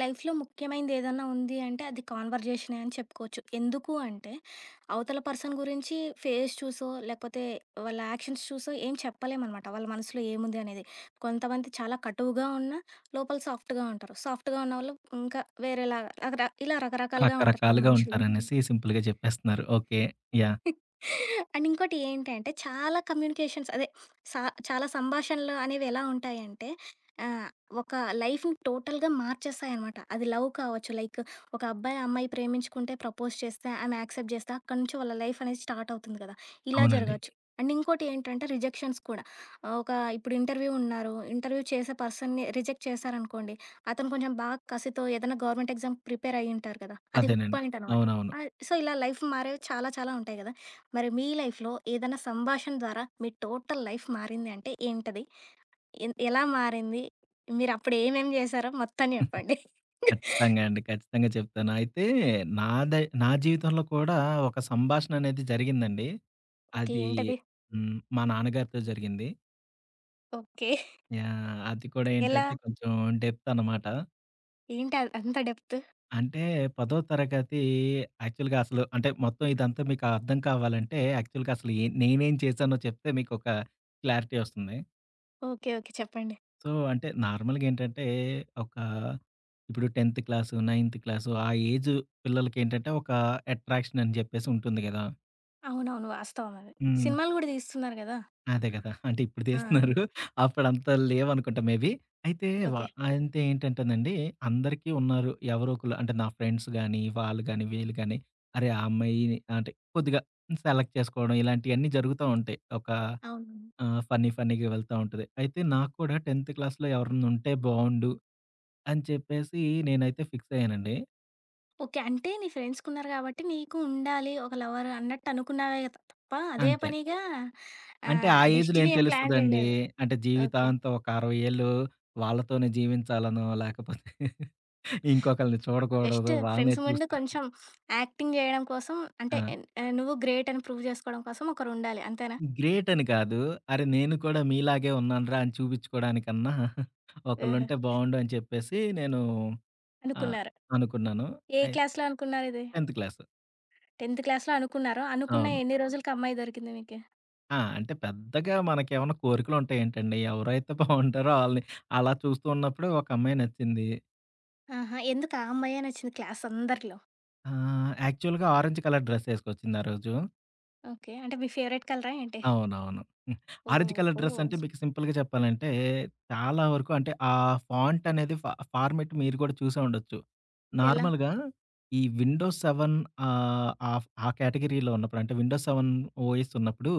లైఫ్‌లో ముఖ్యమైనది ఏదైనా ఉంది అంటే అది కాన్వర్జేషనే అని చెప్పుకోవచ్చు. ఎందుకు అంటే అవతల పర్సన్ గురించి ఫేస్ చూసో, లేపోతే వాళ్ళ యాక్షన్స్ చూసో ఏం చెప్పలేం అనమాట. వాళ్ళ మనసులో ఏముంది అనేది కొంతమంది చాలా కటువుగా ఉన్నా లోపల సాఫ్ట్‌గా ఉంటారు. సాఫ్ట్‌గా ఉన్నవాళ్ళు ఇంకా వేరేలాగా ఇలా రకరకాలుగా ఉంటారు రకరకాలుగా మనుషులు. ఉంటారనేసి సింపుల్‌గా చెప్పేస్తున్నారు. ఓకే. యాహ్! అండ్ ఇంకోటి ఏంటంటే చాలా కమ్యూనికేషన్స్, అదే సా చాలా సంభాషణలు అనేవి ఎలా ఉంటాయి అంటే ఆహ్, ఒక లైఫ్‌ని టోటల్‌గా మార్చేస్తాయనమాట. అది లవ్ కావచ్చు. లైక్ ఒక అబ్బాయి అమ్మాయి ప్రేమించుకుంటే ప్రపోజ్ చేస్తే, ఆమె యాక్సెప్ట్ చేస్తే అక్కడి నుంచి వాళ్ళ లైఫ్ అనేది స్టార్ట్ అవుతుంది కదా! ఇలా అవునండి. జరగొచ్చు. అండ్ ఇంకోటి ఏంటంటే రిజెక్షన్స్ కూడా. ఆహ్, ఒక ఇప్పుడు ఇంటర్వ్యూ ఉన్నారు. ఇంటర్వ్యూ చేసే పర్సన్‌ని రిజెక్ట్ చేశారనుకోండి, అతను కొంచెం బాగా కసితో ఏదైనా గవర్నమెంట్ ఎగ్జామ్ ప్రిపేర్ అయ్యి ఉంటారు కదా! అది హుక్ అదేనండి. పాయింట్ అనమాట. అవునవును. ఆ! సో, ఇలా లైఫ్ మారేవి చాలా చాలా ఉంటాయి కదా! మరి మీ లైఫ్‌లో ఏదైనా సంభాషణ ద్వారా మీ టోటల్ లైఫ్ మారింది అంటే ఏంటది? ఎన్ ఎలా మారింది? మీరు అప్పుడు ఏమేమి చేశారో మొత్తం చెప్పండి. కచ్చితంగా అండి. ఖచ్చితంగా చెప్తాను. అయితే నాదే నా జీవితంలో కూడా ఒక సంభాషణ అనేది జరిగిందండి. ఓకే. అది ఏంటది? హ్మ్, మా నాన్నగారితో జరిగింది. ఓకే. యాహ్! అది కూడా ఎలా? ఏంటంటే, కొంచెం డెప్తనమాట. ఏంటది అంత డెప్తు? అంటే, 10థ్ తరగతి యాక్చువల్‌గా అసలు అంటే, మొత్తం ఇదంతా మీకు అర్థం కావాలంటే యాక్చువల్‌గా అసలు యె నేనేం చేశానో చెప్తే మీకొక క్లారిటీ వస్తుంది. ఓకే. ఓకే. చెప్పండి. సో, అంటే నార్మల్‌గా ఏంటంటే, ఒక ఇప్పుడు 10థ్ క్లాసు, నైంత్ క్లాసు ఆ ఏజ్ పిల్లలకి ఏంటంటే, ఒక అట్రాక్షన్ అని జెప్పేసి ఉంటుంది గదా! అవునవును. వాస్తవమది. హ్మ్. సినిమాలు గూడా తీస్తున్నారు గదా! అదే గదా! అంటే, ఇప్పుడు ఆ! తీస్తున్నారు, అప్పుడంత లేవనుకుంటా మేబి. అయితే వ ఓకే. అంత ఏంటంటేనండి అందరికీ ఉన్నారు, ఎవరో ఒకళ్ళు అంటే నా ఫ్రెండ్స్ గానీ, వాళ్ళు గానీ వీళ్ళు గానీ, అరే ఆ అమ్మాయి అంటే, కొద్దిగా సెలెక్ట్ చేసుకోవడం ఇలాంటియన్నీ జరుగుతూ ఉంటాయి. ఒక అవును. ఆహ్, ఫన్నీ ఫన్నీగా వెళ్తా ఉంటది. అయితే నాకు కూడా 10థ్ క్లాస్‌లో ఎవరన్నా ఉంటే బావుండు అని చెప్పేసి నేనైతే ఫిక్సయ్యానండి. ఓకే. అంటే, నీ ఫ్రెండ్స్ కున్నారు కాబట్టి నీకు ఉండాలి. ఒక లవర్ అన్నట్టు అనుకున్నావే త-తప్ప, అదే అంతే. పనిగా అంటే, ఆ ఆహ్, ఏజ్‌లో ఏం డెస్టినీ ఏం ప్లాన్ తెలుస్తదండి. జేయలేదు. అంటే, ఓకే. జీవితాంతం ఒక 60 ఏళ్ళు వాళ్ళతోనే జీవించాలనో లాకపోతే ఇంకొకళ్ళని జస్ట్ చూడకూడదు. వాళ్ళనే ఫ్రెండ్స్ ముందు చూస్తూ కొంచెం యాక్టింగ్ జేయడం కోసం అంటే ఆ! ఎన్ ఆహ్, నువ్వు గ్రేట్ అని ప్రూవ్ జేసుకోవడం కోసం ఒకరుండాలి. అంతేనా? గ్రేట్ అని కాదు. అరె! నేను కూడా మీలాగే ఉన్నాను రా! అని చూపిచ్చుకోవడానికన్నా ఏహె! ఒకళ్ళుంటే బావుండు అని చెప్పేసి నేను ఆహ్, అనుకున్నారు. అనుకున్నాను. ఏ అయి క్లాస్‌లో అనుకున్నారిది. 10థ్ క్లాసు. 10థ్ క్లాస్‌లో అనుకున్నారు. అనుకున్న అవును. ఎన్ని రోజులకి అమ్మాయి దొరికింది మీకి? ఆ! అంటే, పెద్దగా మనకేమైనా కోరికలుంటాయేంటండి ఎవరైతే బావుంటారో ఆళ్ళని అలా చూస్తూ ఉన్నప్పుడు ఒకమ్మాయి నచ్చింది. ఆహా! ఎందుకు ఆ అమ్మాయే నచ్చింది క్లాసందరిలో? ఆహ్, యాక్చువల్‌గా ఆరెంజ్ కలర్ డ్రెస్సేసుకొచ్చింది ఆరోజు. ఓకే. అంటే, మీ ఫేవరెట్ కలరా ఏంటి? అవునవును. హ్మ్. ఆరెంజ్ కలర్ ఓహో! ఓహో! డ్రస్సంటే మీకు సింపుల్‌గా చెప్పాలంటే, చాలా వరకు అంటే ఆ ఫాంటనేది ఫా ఫార్మాట్ మీరు గూడా చూసే ఉండొచ్చు. ఎలా? నార్మల్‌గా ఈ విండోస్ సెవెన్ ఆహ్, ఆఫ్ ఆ కేటగిరీలో ఉన్నప్పుడంటే విండోస్ సెవెన్ ఓఎస్ ఉన్నప్పుడు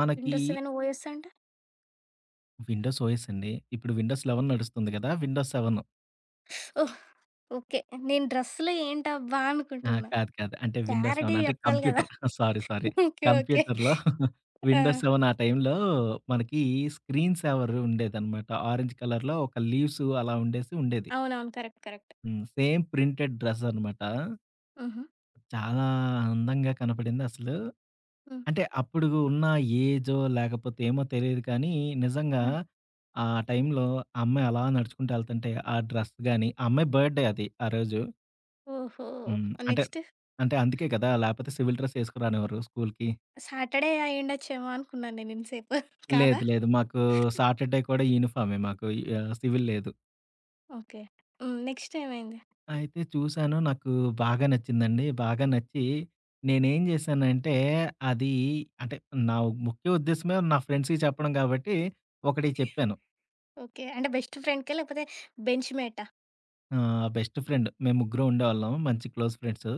మనకి విండోస్ సెవెన్ ఓఎస్ అంటే? విండోస్ ఓఎస్ అండి. ఇప్పుడు విండోస్ లెవెన్ నడుస్తుంది గదా! Windows seven. ఓహ్! ఓకే. నేను డ్రెస్సులో ఏంటబ్బా? ఆ! అనుకుంటున్న కాదు. కాదు. అంటే, విండోస్ సెవెన్ క్లారిటీగ అంటే జెప్పాలి గదా! Computer sorry sorry okay. Okay కంప్యూటర్‌లో ఆ! విండోస్ సెవెన్ ఆ టైంలో మనకి స్క్రీన్ సేవర్ ఉండేదనమాట ఆరంజ్ కలర్‌లో ఒక లీవ్స్ అలా ఉండేసి ఉండేది. అవునవును. కరెక్ట్. కరెక్ట్. హ్మ్. సేమ్ ప్రింటెడ్ డ్రెసనమాట. హుహు. చాలా అందంగా కనపడిందసలు. హ్మ్. అంటే, అప్పుడు ఉన్న ఏజో లేకపోతే ఏమో తెలీదు కానీ నిజంగా ఆ! ఆ టైంలో ఆ అమ్మాయి అలా నడుచుకుంటూ యెళ్తుంటే ఆ డ్రెస్ గాని ఆ అమ్మాయి బడ్డే అది ఆ రోజు. ఓహో! హ్మ్. ఆ అంటే నెక్స్టు? అంటే అందుకే గదా లేకపోతే సివిల్ డ్రెసేసుకు రానివ్వరు స్కూలుకి. సాటర్డే అయుండొచ్చేమో అనుకున్నాను నేను ఇంత సేపు. కాదా? లేదు. లేదు. మాకు సాటర్డే కూడా యూనిఫార్మే మాకు యా సివిల్ లేదు. ఓకే. నెక్స్టేమైంది? అయితే చూసాను. నాకు బాగా నచ్చిందండి. బాగా నచ్చి, నేను ఏం జేశానంటే, అది అంటే నా ముఖ్య ఉద్దేశమే నా ఫ్రెండ్స్‌కి చెప్పడం కాబట్టి, ఒకడికి చెప్పాను. ఓకే. అంటే బెస్ట్ ఫ్రెండ్‌కా? లేకపోతే బెంచ్ మేటా? ఆహ్, బెస్ట్ ఫ్రెండ్. మేం ముగ్గురం ఉండేవాళ్ళం మంచి క్లోజ్ ఫ్రెండ్స్.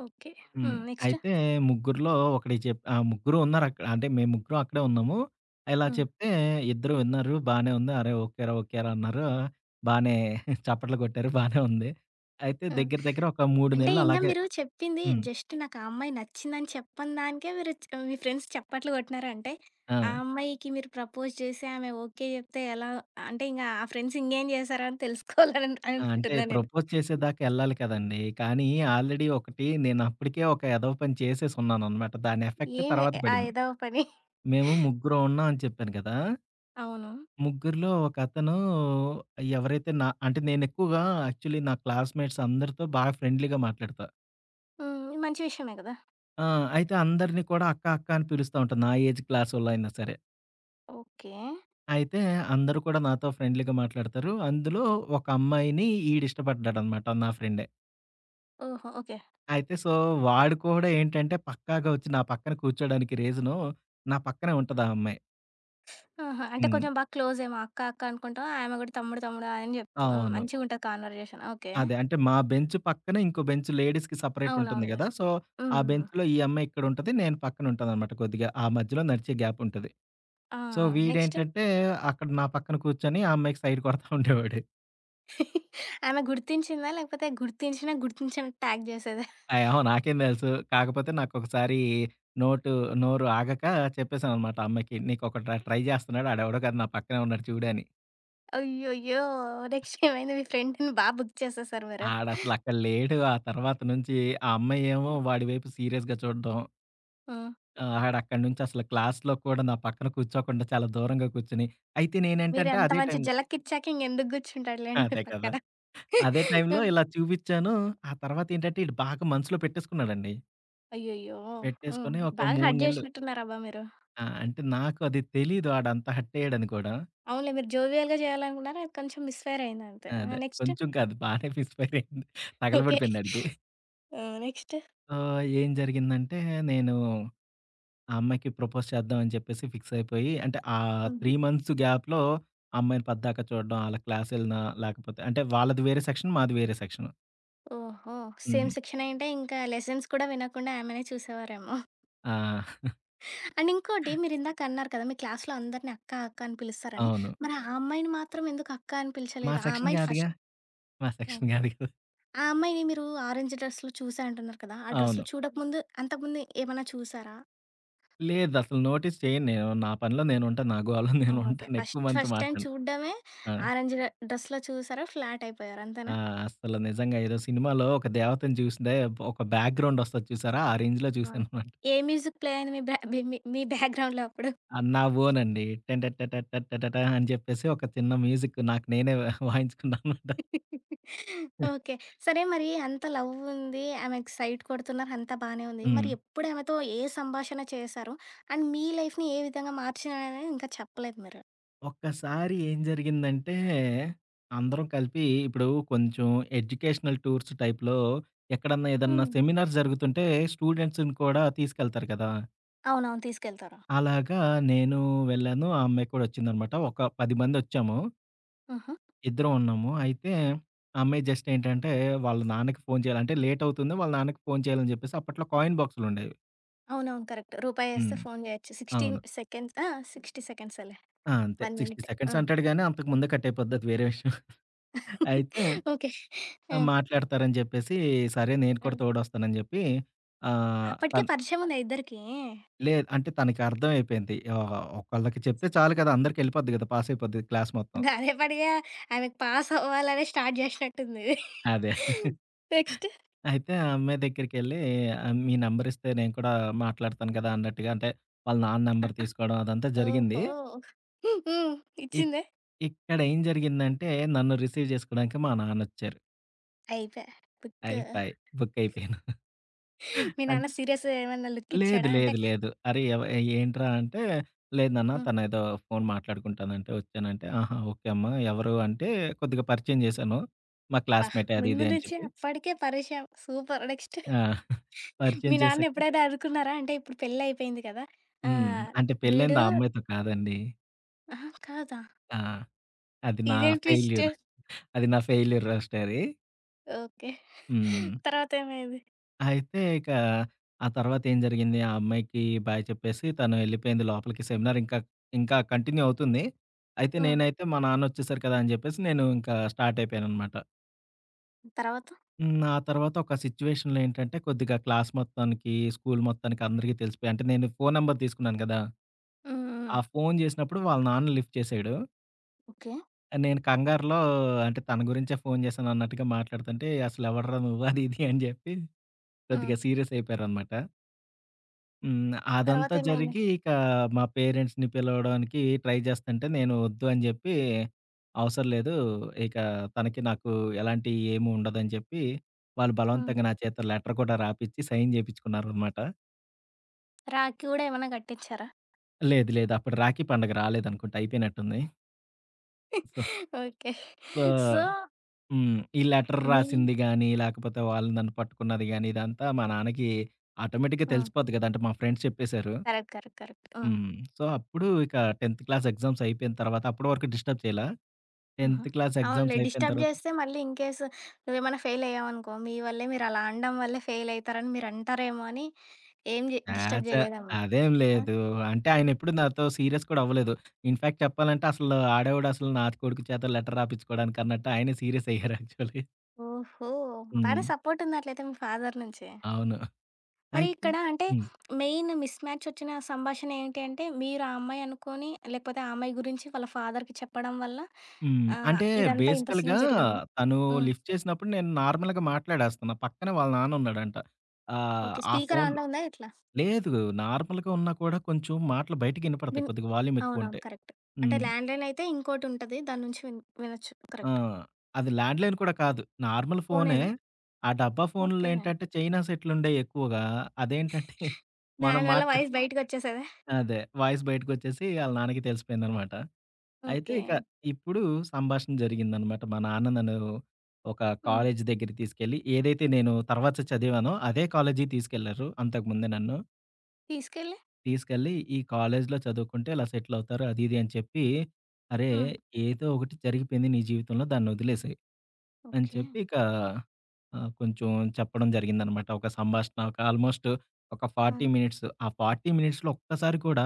ఓకే. హ్మ్. హ్మ్. నెక్స్ట్? అయితే ముగ్గురిలో ఒకడికి చె ఆహ్, ముగ్గురు ఉన్నారక్కడ. అంటే మేం ముగ్గురం అక్కడే ఉన్నాము. ఇలా హ్మ్. చెప్తే ఇద్దరు విన్నారు. బానే ఉంది, "అరేయ్! ఓకే రా! ఓకే రా!" అన్నారు. బానే చప్పట్లు కొట్టారు బానే ఉంది. అయితే హ్మ్. దగ్గర, దగ్గర ఒక 3 అంటే, నెలలు ఇంగా అలాగే మీరు చెప్పింది హ్మ్. జస్టు నాకు ఆ అమ్మాయి నచ్చిందని చెప్పని దానికే మీరు చ్ మీ ఫ్రెండ్స్ చప్పట్లు కొట్టినారంటే, ఆ ఆ! అమ్మాయికి మీరు ప్రపోజ్ చేసి ఆమె ఓకే జెప్తే ఎలా అంటే ఇంగ ఆ ఫ్రెండ్స్ ఇంగేం చేస్తారో అని తెలుసుకోవాలని ఆ! అంటే, అననుకుంటున్నాను నేను. ప్రపోజ్ చేసేదాకా యెళ్ళాలి కదండీ! కానీ ఆల్రెడీ ఒకటి నేనప్పటికే ఒక ఎదవ పని చేసేసున్నానన్నమాట. దాని ఎఫెక్ట్ ఏమి తర్వాత ఆ పడింది. ఎదవ పని? మేము ముగ్గురం ఉన్నాం అని చెప్పాను కదా! అవును. ముగ్గురిలో ఒకతనూ, ఎవరైతే అంటే నా నేనెక్కువగా యాక్చువల్లీ నా క్లాస్‌మేట్స్ అందరితో బా ఫ్రెండ్లీగా మాట్లాడతా. హ్మ్. మంచి విషయమే గదా! ఆ! అయితే, అందరిని కూడా అక్క, అక్క అని పిలుస్తా ఉంటా నా ఏజ్ క్లాసోళ్ళయినా సరే. ఓకే. అయితే, అందరూ కూడా నాతో ఫ్రెండ్లీగా మాట్లాడుతారూ. అందులో ఒకమ్మాయినీ ఈడిష్టపడ్డాడనమాట. నా ఫ్రెండే. ఓహో! ఓకే. అయితే, సో, వాడు కూడా ఏంటంటే, పక్కాగా ఒచ్చి నా పక్కన కూర్చోడానికి రీజనూ, నా పక్కనే ఉంటదా అమ్మాయి. ఆహా! అంటే, హ్మ్. కొంచెం బాగా క్లోజేమో అక్క, అక్క అనుకుంటాం. ఆమె గూడా తమ్ముడు, తమ్ముడు అని జెప్తు హ్మ్, అవును. మంచిగుంటది కాన్వర్జేషన్ ఓకే. అదే. అంటే, మా బెంచు పక్కనే ఇంకో బెంచు. లేడీస్‌కి సెపరేటుంటుంది అవునవునులే. గదా! సో, హ్మ్. ఆ హ్మ్ బెంచ్‌లో ఈ అమ్మాయి ఇక్కడుంటది, నేను పక్కనుంటాననమాట కొద్దిగా. ఆ మధ్యలో నడిచే గ్యాపుంటది. ఆ! So, next? వీడేంటంటే, అక్కడ నా పక్కన కూర్చొని ఆ అమ్మాయికి సైటు కొడతా ఉండేవోడు. ఆమె గుర్తించిందా, లేకపోతే గుర్తించినా, గుర్తించనట్టు యాక్ట్ జేసేదా? ఆ! ఏమో నాకేం తెలుసు. కాకపోతే, నాకొకసారీ నోటూ నోరు ఆగకా చెప్పేసాననమాట ఆ అమ్మాయికి. నీకొకడు ట్ర ట్రై జేస్తన్నాడు. ఆడెవడో కాదు నా పక్కనే ఉన్నాడు చూడు అని. అయ్యయ్యో! నెక్స్టేమైంది మీ ఫ్రెండుని బా బుక్ చేసేసారు మీరు? ఆడసలు అక్కడ లేడు. ఆ తర్వాత నుంచీ ఆ అమ్మాయేమో వాడి వైపు సీరియస్‌గా చూడడం. హ్మ్. ఆ! ఆడక్కడనుంచసలు క్లాస్‌లో కూడా నా పక్కన కూర్చోకుండా, చాలా దూరంగా కూర్చుని అయితే నేనేంటంటే, మీరెంత అదే మంచి టైంలో జలక్కిచ్చాక ఇంగెందుకు గూర్చుంటాడులేండి మీ అదే కదా! పక్కన. అదే టైంలో హ్మ్. ఇలా చూపిచ్చానూ, ఆ తర్వాతేంటంటే, ఈడు బాగా మనసులో పెట్టేసుకున్నాడండీ. అయ్యయ్యో! హ్మ్. పెట్టేసుకొని ఒక బాగా 3 హర్ట్ నెలలు చేసినట్టున్నారబ్బా మీరు. ఆ! అంటే నాకు అది తెలియదు ఆడంత హర్టయ్యాడని కూడా. అవునులే మీరు జోవియల్‌గా చేయాలనుకున్నారు. అది కొంచెం మిస్ ఫైర్ అయింది అంతే. అదే నెక్స్ట్? కొంచెం కాదు బానే మిస్ ఫైర్ అయింది ఓకె. తగలబడిపోయిందాడికి. ఆ! నెక్స్ట్? ఆహ్, ఏం జరిగిందంటే నేను ఆ అమ్మాయికి ప్రపోజ్ చేద్దాం అని చెప్పేసి ఫిక్సయిపోయి అంటే, ఆ 3 హుహు. మంత్స్ గ్యాప్‌లో ఆ అమ్మాయిని పద్దాక చూడడం, ఆళ్ళ క్లాస్ ఎళ్ళిన లేకపోతే అంటే వాళ్ళది వేరే సెక్షన్. మాది వేరే సెక్షను. ఓహో! సేమ్ హ్మ్. సెక్షనయ్యుంటే ఇంకా లెసన్స్ కూడా వినకుండా ఆమెనే చూసేవారేమో! ఆ! అండ్ ఇంకోటి మీరిందాక అన్నారు కదా! మీ క్లాస్‌లో అందరినీ అక్క అక్క అని పిలుస్తారని అవును. మరి ఆ అమ్మాయిని మాత్రం ఎందుకు అక్క అని మా పిలిచలేదు ఆ సెక్షన్ అమ్మాయిని ఫస్ట్ కాదుగా మా సెక్షన్ ఓకే. కాదుగా. ఆ అమ్మాయిని మీరు ఆరంజ్ డ్రెస్‌లో చూసా అంటున్నారు కదా! ఆ డ్రెస్‌లో అవును. చూడక ముందు అంతకు ముందు ఏమైనా చూసారా? లేదసలు. నోటీస్ చేయను నేను. నా పనిలో నేను ఉంటాను. నా గోలలో నేను ఒకే. ఉంటాను ఎక్కువ ఫస్ట్ మందితో ఫస్ట్ టైమ్ మాట్లాడను. చూడడమే ఆ! ఆరెంజ్ డ్రెస్‌లో చూసారు ఫ్లాట్ అయిపోయారు ఆ! అంతేనా? అసలు నిజంగా ఏదో సినిమాలో ఒక దేవతని చూస్తే ఒక బ్యాక్‌గ్రౌండ్ వస్తది చూసారా ఆ రేంజ్‌లో ఆ! చూసాననమాట. ఏ మ్యూజిక్ ప్లే అయింది మీ బ్యా మీ మీ బ్యాక్‌గ్రౌండ్‌లో అప్పుడు. అ నా ఓన్ అండి. 'టన ట ట ట్ట ట ట' అని చెప్పేసి ఒక చిన్న మ్యూజిక్కు నాకు నేనే ఆహ్, వాయించుకున్నాననమాట. ఓకె. సరే మరి అంత లవ్వుంది. ఆమెకి సైట్ కొడుతున్నారు అంతా బానే ఉంది. మరి హ్మ్. ఎప్పుడు ఆమెతో ఏ సంభాషణ చేసారు అండ్ మీ లైఫ్‌ని ఏ విధంగా మార్చినారు అని ఇంకా చెప్పలేదు మీరు. ఒక్కసారి ఏం జరిగిందంటే అందరం కలిపి ఇప్పుడు కొంచెం ఎడ్యుకేషనల్ టూర్స్ టైప్‌లో ఎక్కడన్నా ఏదన్నా ఆ! సెమినార్స్ జరుగుతుంటే స్టూడెంట్స్‌ని కూడా తీసుకెళ్తారు గదా! అవునవును. తీసుకెళ్తారు. అలాగా నేను వెళ్ళాను. ఆ అమ్మాయి కూడా వచ్చిందన్నమాట ఒక 10 మందొచ్చాము. ఆహా! ఇద్దరం ఉన్నాము. అయితే ఆ అమ్మాయి జస్టేంటంటే వాళ్ళ నాన్నకి ఫోను చేయాలి. అంటే లేట్ అవుతుంది. వాళ్ళ నాన్నకి ఫోను చేయాలని జెప్పేసి అప్పట్లో కాయిన్ బాక్సులుండేవి. అవునవును. కరెక్ట్. రూపాయేస్తే హ్మ్. ఫోన్ జేయొచ్చు. 16 అవును. సెకండ్స్ ఆహ్, 60 సెకండ్సేలే ఆ! అంతే. 1 60 మినిట్ సెకండ్స్ ఆ! అంటాడు గాని అంతకు ముందే కట్టయిపోద్ది అది వేరే విషయం. అయితే ఓకే. హ్మ్. మాట్లాడతారని జెప్పేసి సరే నేను కూడా హ్మ్. తోడొస్తాను అని జెప్పి ఆహ్, అప్పటికే తన్ పరిచయం ఉందా ఇద్దరికీ? లేదు. అంటే తనకర్థమైపోయింది. ఓహో! ఒకళ్ళకి చెప్తే చాలు గదా! అందరికెళ్ళిపోద్ది గదా! పాసయిపోద్ది క్లాస్ మొత్తం. గదేపడిగా ఆమెకు పాస్ అవ్వాలనే స్టార్ట్ జేశినట్టుంది. అదే. నెక్స్టు. అయితే ఆ అమ్మాయి దగ్గరికెళ్లి మీ నెంబర్ ఇస్తే నేను కూడా మాట్లాడతాను గదా! అన్నట్టుగా అంటే వాళ్ళ నాన్న నెంబర్ తీసుకోవడం అదంతా జరిగింది. ఓహో! హ్మ్. ఇ ఇచ్చిందా? ఇక్కడేం జరిగిందంటే నన్ను రిసీవ్ జేసుకోవడానికి మా నాన్నొచ్చారు. అయిపాయె. బుక్కూ. అయిపాయి. బుక్కయిపోయాను. మీ అంట్ నాన్న సీరియస్సు ఏమన్నా లేదు, లుక్కిచ్చాడా? అంటే లేదు, లేదు. అరే, ఎవ ఏంట్రా అంటే, లేదు నాన్న హ్మ్. తనేదో ఫోను మాట్లాడుకుంటానంటే ఒచ్చానంటే, "ఆహా! ఓకే అమ్మ. ఎవరు" అంటే కొద్దిగ పరిచయం జేశాను, మా అబ్బా! క్లాస్‌మేటే అది ముందు ఇది అని నుంచే చెప్పి. అప్పడికే పరేష సూపర్. నెక్స్టు? ఆ! పరిచయం మీ చేశాక నాన్నెప్పుడైనా అనుకున్నారా? అంటే, ఇప్పుడు పెళ్ళయిపోయింది కదా! ఆ! హ్మ్. అంటే, వీడూ పెళ్ళయింది ఆ అమ్మాయితో కాదండీ. అహా! కాదా? ఆ! అది నా ఇదేం ట్విస్టు. ఫెయిల్యూర్. అది నా ఫెయిల్యూర్ లవ్ స్టోరీ. ఓకే. హ్మ్. తర్వాతేమైంది? అయితే, ఇకా ఆ తర్వాతేం జరిగిందీ, ఆ అమ్మాయికీ బాయ్ చెప్పేసీ తను ఎళ్ళిపోయింది లోపలికి. సెమినారింకా, ఇంకా కంటిన్యూ అవుతుంది. అయితే, ఆ! నేనైతే మా నాన్నొచ్చేసారు కదా! అని జెప్పేసి, నేనూ ఇంకా స్టార్టయిపోయాననమాట. తర్వాతా? హ్మ్. ఆ తర్వాతొక సిచ్యువేషన్‌లో ఏంటంటే, కొద్దిగా క్లాస్ మొత్తానికీ, స్కూలు మొత్తానికి, అందరికీ తెలిసిపోయా. అంటే, నేనీ ఫోను నంబర్ తీసుకున్నాను గదా! హ్మ్. ఆ హ్మ్. ఫోను జేసినప్పుడు వాళ్ళ నాన్న లిఫ్ట్ చేశాడు. ఓకే. ఆహ్, నేను కంగారులో అంటే, తన గురించే ఫోను జేశానన్నట్టుగా మాట్లాడతంటే, "అసలెవడ్రా నువ్వు," అది ఇది అని జెప్పి హ్మ్ కొద్దిగా సీరియసయిపోయారనమాట. హ్మ్. అదంతా తరవాతేమైంది? జరిగి ఇక మా పేరెంట్స్‌ని పిలవడానికి ట్రై జేస్తుంటే నేను వద్దు అని జెప్పి అవసర లేదు. ఇక తనకి నాకు ఎలాంటి ఏమీ ఉండదని చెప్పి వాళ్ళు హ్మ్. బలవంతంగా నా చేత్తో లెటర్ కూడా రాపిచ్చి సైన్ జేపిచ్చుకున్నారనమాట. రాఖీ గూడా ఏమన్నా గట్టిచ్చారా? లేదు, లేదు. అప్పుడు రాఖీ పండుగ రాలేదనుకుంట అయిపోయినట్టుంది. So okay. సో సో హ్మ్. ఈ లెటర్ మీ రాసింది గానీ లేకపోతే వాళ్ళు నన్ను పట్టుకున్నది గాని ఇదంతా మా నాన్నకి ఆటోమేటిక్‌గా ఆ! తెలిసిపోద్ది గదా! అంటే మా ఫ్రెండ్స్ చెప్పేసారు. కరెక్ట్. కరెక్ట్. కరెక్ట్. ఆ! హ్మ్. సో అప్పుడు ఇక 10త్ క్లాస్ ఎగ్జామ్స్ అయిపోయిన తరువాత అప్పడు వరకు డిస్టర్బ్ చేయలా ఆహా! 10త్ క్లాస్ అవునులే. ఎగ్జామ్స్ అయిపోయిన డిస్టర్బ్ తరవాత జేస్తే మళ్ళీ ఇన్‌కేస్ నువ్వేమన్నా ఫెయిల్ అయ్యావనుకో మీ వల్లే మీరు అలా అనడం వల్లే ఫెయిల్ అయితారని మీరంటారేమో అని ఏం జే ఆ! డిస్టర్బ్ ఛా! జేయలేదేమో. అదేం ఆ? లేదు. అంటే ఆయనెప్పుడు నాతో సీరియస్ కూడా అవ్వలేదు. ఇన్‌ఫాక్ట్ చెప్పాలంటే అసలు "ఆడెవడు అసలు నా కొడుకు చేత లెటర్ రాపిచ్చుకోవడానికి" అన్నట్టు ఆయనే సీరియస్ అయ్యారు యాక్చువల్‌గా. ఓహో! బానే హ్మ్. సపోర్ట్ ఉందట్లైతే మీ ఫాదర్ నుంచి. అవును. మరి అయితే ఇక్కడ అంటే హ్మ్. మెయిన్ మిస్‌ మ్యాచ్చొచ్చిన సంభాషణ ఏంటి అంటే, మీరు ఆ అమ్మాయి అనుకోని లేపోతే ఆ అమ్మాయి గురించి వాళ్ళ ఫాదర్‌కి చెప్పడం వల్ల హ్మ్. ఆహ్, అంటే ఇదంతా ఇంత బేసికల్‌గా సీన్ జరిగిందా? తను హ్మ్. లిఫ్ట్ చేసినప్పుడు నేను నార్మల్‌గా మాట్లాడేస్తున్నా పక్కనే వాళ్ళ నాన్నున్నాడంట. ఆహ్, ఓకె. ఆ స్పీకర్ ఫోన్లు ఆన్‌లో ఉందా ఎట్లా? లేదు. నార్మల్‌గా ఉన్నా కూడా కొంచెం మాటలు బయటికినపడతాయి. విన్ కొద్దిగా వాల్యూమ్ అవునవును. ఎక్కువుంటే కరెక్టు. అంటే హ్మ్. ల్యాండ్‌ లైనైతే ఇంకోటుంటది. దాని నుంచి విన్ వినొచ్చు. ఆ! కరెక్ట్. అది ల్యాండ్‌లైన్ కూడా కాదు. నార్మల్ ఫోనే ఫోనేనా? ఆ డబ్బా ఫోనుల్లో ఓకే. ఏంటంటే చైనా సెట్లుండేయి ఎక్కువగా అదేంటంటే మనం దాని వల్ల మాట్లాడు వాయిస్ బయటికొచ్చేసేదా? అదే. వాయిస్ బయటికొచ్చేసి ఆళ్ళ నాన్నకి తెలిసిపోయిందన్నమాట. అయితే ఇక ఓకే. ఇప్పుడు సంభాషణ జరిగిందన్నమాట. మా నాన్న నన్ను ఒక హ్మ్. కాలేజీ దగ్గరికి తీసుకెళ్ళి ఏదైతే నేను తర్వాత చదివానో అదే కాలేజీకి తీసుకెళ్లారు, అంతకు ముందే నన్ను. తీసుకెళ్ళి? తీసుకెళ్ళి ఈ కాలేజీలో చదువుకుంటే ఇలా సెటిలవుతారు అది ఇది అని చెప్పి. "అరే! ఆ! ఏదో ఒకటి జరిగిపోయింది నీ జీవితంలో దాన్ని వదిలేసేయ్" అని ఓకె. చెప్పి ఇక ఆహ్, కొంచెం చెప్పడం జరిగిందనమాట. ఒక సంభాషణ, ఒక ఆల్మోస్ట్ ఒక ఆ! 40 మినిట్సు. ఆ 40 మినిట్స్‌లో ఒక్కసారి కూడా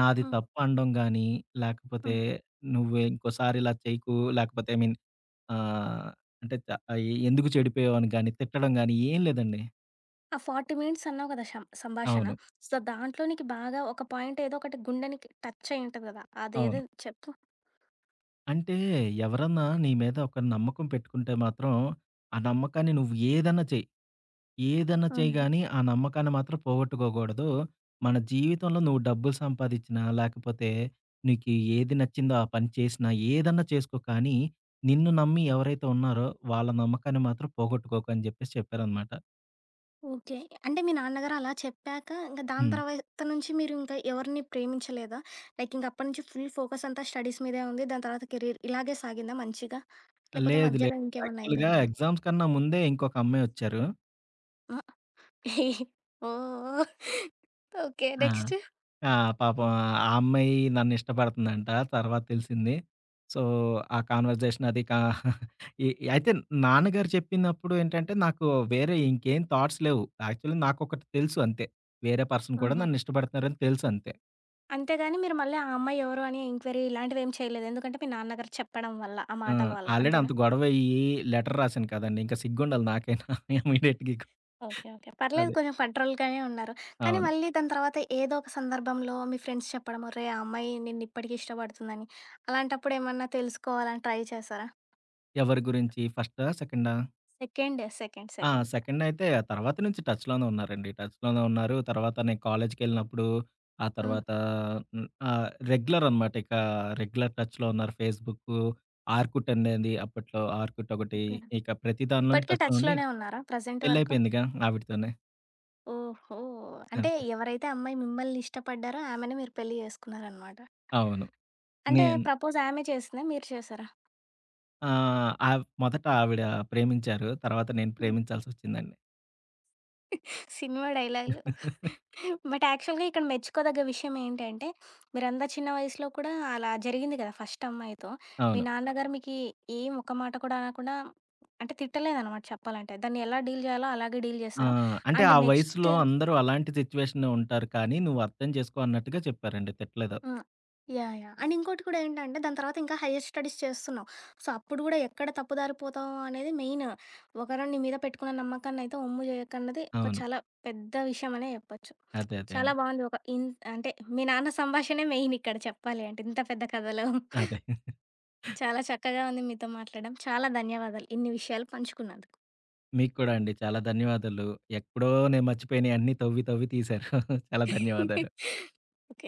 నాది ఆ! తప్పు అనడం గానీ, లేకపోతే ఆ! "నువ్వె ఇంకోసారి ఇలా చెయ్యకు" లేకపోతే ఐ మీన్ ఆహ్, అంటే ద ఈ "ఎందుకు చెడిపోయావు" అని గానీ, తిట్టడం గానీ ఏం లేదండి. ఆ 40 మినిట్స్ అన్నావు గదా షం సంభాషణ. అవును. సో దాంట్లో నీకు బాగా ఒక పాయింట్ ఎదో ఒకటి గుండెనికి టచయ్యి ఉంటది గదా! అదెదో అవును. చెప్పు? అంటే "ఎవరన్నా నీ మీద ఒక నమ్మకం పెట్టుకుంటే మాత్రం, ఆ నమ్మకాన్ని నువ్వు ఏదన్నా చెయ్, ఏదన్నా చెయ్ అవును. గానీ ఆ నమ్మకాన్ని మాత్రం పోగొట్టుకోకూడదు. మన జీవితంలో నువ్వు డబ్బులు సంపాదించినా, లేకపోతే నీకి ఏది నచ్చిందో ఆ పని చేసినా ఏదన్నా చేసుకో కానీ నిన్ను నమ్మి ఎవరైతే ఉన్నారో వాళ్ళ నమ్మకాన్ని మాత్రం పోగొట్టుకోకు" అని జెప్పేసి చెప్పారనమాట. ఓకె. అంటే మీ నాన్నగారు అలా చెప్పాక ఇంక దాని హ్మ్. తర్వాత నుంచి మీరు ఇంకా ఎవరిని ప్రేమించలేదా? లైకింకా అప్పటినుంచి ఫుల్ ఫోకసంతా స్టడీస్ మీదే ఉంది దాని తర్వాత కెరీర్. ఇలాగే సాగిందా మంచిగా? లేపోతే లేదు మధ్యలో లేదు ఇంకేమన్నా యాక్చువల్‌గా అయిపోయిందా? ఎగ్జామ్స్ కన్నా ముందే ఇంకొక అమ్మాయొచ్చారు. ఆ! ఓహ్! ఓకే, ఆ! నెక్స్ట్? ఆ! పాపం ఆ అమ్మాయి నన్ను ఇష్టపడుతుందంట తర్వాత తెలిసింది. సో, ఆ కన్వర్జేషన్ అది కా ఈ అయితే నాన్నగారు చెప్పినప్పుడు ఏంటంటే, నాకు వేరే ఇంకేం థాట్స్ లేవు. యాక్చువల్ నాకు ఒకటి తెలుసు అంతే. వేరే పర్సన్ కూడా ఆహా! నన్ను ఇష్టపడుతున్నారు అని తెలుసు అంతే. అంతేగాని మీరు మళ్ళీ ఆ అమ్మాయి ఎవరు అని ఎంక్వైరీ ఇలాంటివి ఏమి చేయలేదు. ఎందుకంటే, మీ నాన్నగారు చెప్పడం వల్ల, ఆ ఆ! మాటల వల్ల, ఆల్రెడీ అంత అంతేనా? గొడవయ్యి లెటర్ రాసాను కదండీ! ఇంకా సిగ్గుండాలి నాకైనా ఇమ్మీడియేట్‌గా ఓకే, ఓకే. పర్లేదు అదే. కొంచెం ఫెడరల్‌ గానే ఉన్నారు. కానీ, అవును. మళ్ళీ దాని తర్వాత ఏదో ఒక సందర్భంలో మీ ఫ్రెండ్స్ చెప్పడం, ఒరేయ్! ఆ అమ్మాయి నిన్ను ఇప్పటికి ఇష్టపడుతుందని, అలాంటప్పుడేమన్నా తెలుసుకోవాలని ట్రై చేసారా? ఎవరి గురించి? ఫస్టా, సెకండా? సెకండ్, సెకండ్, ఆ! సెకండ్. సెకండ్ అయితే తర్వాత నుంచి టచ్‌ లోనే ఉన్నారండి. టచ్‌ లోనే ఉన్నారు. తర్వాత నేను కాలేజీకెళ్లినప్పుడు ఆ హ్మ్. తర్వాత హ్మ్, ఆహ్, రెగ్యులర్ అనమాట. ఇక రెగ్యులర్ టచ్‌లో ఉన్నారు. ఫేస్‌బుకు, ఆర్కుట్ అనేది అప్పట్లో ఆర్కుట్ ఒకటి. ఓకే. ఇక ప్రతి దానిలోను ఇప్పటికే టచ్‌లో టచ్‌ ఉండి లోనే ఉన్నారా? ప్రెజెంట్ పెళ్లి వరకు? అయిపోయిందిగా ఆవిడతోనే. ఓహో! అంటే అంతే. ఎవరైతే అమ్మాయి మిమ్మల్ని ఇష్టపడ్డారో ఆమెనే మీరు పెళ్లి చేసుకున్నారనమాట. అవును. అంటే, నేను ప్రపోజ్ ఆమె చేసిందా, మీరు చేశారా? ఆ! ఆవ్ మొదటావిడా ప్రేమించారు, తర్వాత నేను హ్మ్. ప్రేమించాల్సొచ్చిందండి. సినిమా డైలాగులు. బట్, యాక్చువల్‌గా ఇక్కడ మెచ్చుకోదగ్గ విషయమేంటంటే, మీరంత చిన్న వయసులో కూడా, అలా జరిగింది గదా! ఫస్టమ్మాయితో, మీ అవును. నాన్న గారు మీకీ ఏం ఒక్క మాట కూడా అనకుండా అంటే, తిట్టలేదనమాట చెప్పాలంటే. దాన్ని ఎలా డీల్ జెయ్యాలో అలాగే డీల్ ఆ! జేశారు. అంటే, అండ్ ఆ నెక్స్ట్ వయసులో అందరూ అలాంటి సిచ్యువేషనే ఉంటారు కానీ, నువ్వర్థం జేసుకో అన్నట్టుగా చెప్పారండి. తిట్టలేదు. ఆ! యాహ్! యాహ్! అండ్ ఇంకోటి కూడా ఏంటంటే, దాని తర్వాతింకా హయ్యర్ స్టడీస్ చేస్తున్నావు. సో, అప్పుడు గూడా ఎక్కడ తప్పుదారిపోతావో అనేది మెయిను. ఒకరు నీ మీద పెట్టుకున్న నమ్మకాన్నయితే ఒమ్ము జెయ్యకన్నది ఒక అవును. చాలా పెద్ద విషయమనే జెప్పచ్చు. అదే. అదే చాలా అండి. బావుంది. ఒక ఇంట్ అంటే, మీ నాన్న సంభాషనే మెయినిక్కడ చెప్పాలి అంటే, ఇంత పెద్ద కథలో. అదే. చాలా చక్కగా ఉంది మీతో మాట్లాడడం. చాలా ధన్యవాదాలు. ఇన్ని విషయాలు పంచుకున్నందుకు. మీకు కూడా అండి. చాలా ధన్యవాదాలు. ఎప్పుడో నేను మర్చిపోయినియన్నీ తవ్వి తవ్వి తీశారు. చాలా ధన్యవాదాలు. ఓకే.